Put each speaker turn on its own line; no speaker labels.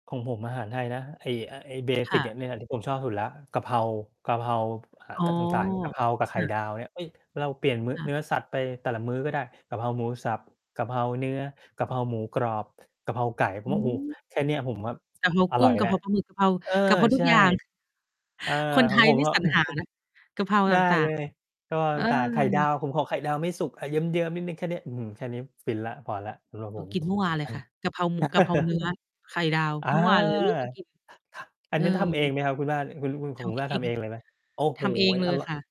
ของผมอาหารไทยนะ ไอ้ อะ ไอ้ เบ
ค
สิ
่
ก อ
ะ
ะเนี่ยแหละผมชอบสุดแล้ว กะเพรา กะเพรา อะ
อ๋อ
ตาง ต่าง ๆ กะเพรากับไ
ค
ข่
่ะ
ดาวเนี่ย เอ้ย เราเปลี่ยนมื้อ
ค่
เน
ะ
ื้อสัตว์ไปแต่ละมื้อก็ได้ กะเพราหมูสับ กะเพราเนื้อ กะเพราหมูกรอบ กะเพราไก่ ผ
อ
ม
ื
ว่า โอ้โฮ
ม
แค่เนี้ย ผมแบบ
กะเพรา
อ
กุ
ร่
้
อ
ง
ย
ก
แ
ะ
ล
เ
้ว
พราปลาหมึก กะเพรา
เออ
กะเพราทุ
ใช
ก
่
อย่าง
เออ
คนไ
ข
ท
อง
ย
ผม
นี่
ก็
สรรหานะ กะเพรา
ได
ต
้
่า
เล
ง
ย กะเพรา
ๆ เอ
ต่าง ๆ ไข่ดาว
อ
ผมขอไข่ดาวไม่สุกอะเยิ้ม ๆ นิดหนึ่งแค่เนี้ย อื้อฮือ แค่เนี้ยฟินแล้ว พอแล้ว สำหรับ
เร
ผ
า
ม
กินเมื่อวานเล
อ
ย
ัน
ค่ะ กะเพราหมึก กะเพราเนื้อ ไข่ดาว
อา
เมื่อวานเลย ลูกก็กิน
อั
เอ
น
อ
นี้ทำเองไหมครับ คุณบ้าน คุณ ล คุณ ขอ
ท
งคุณ
ำเ
บ
อ
้านท
ง
ำเองเลยไหม? โอ้โ
ท
ฮ
ำเองเล
อ
ย
ร่อ
ค
ย
่ะ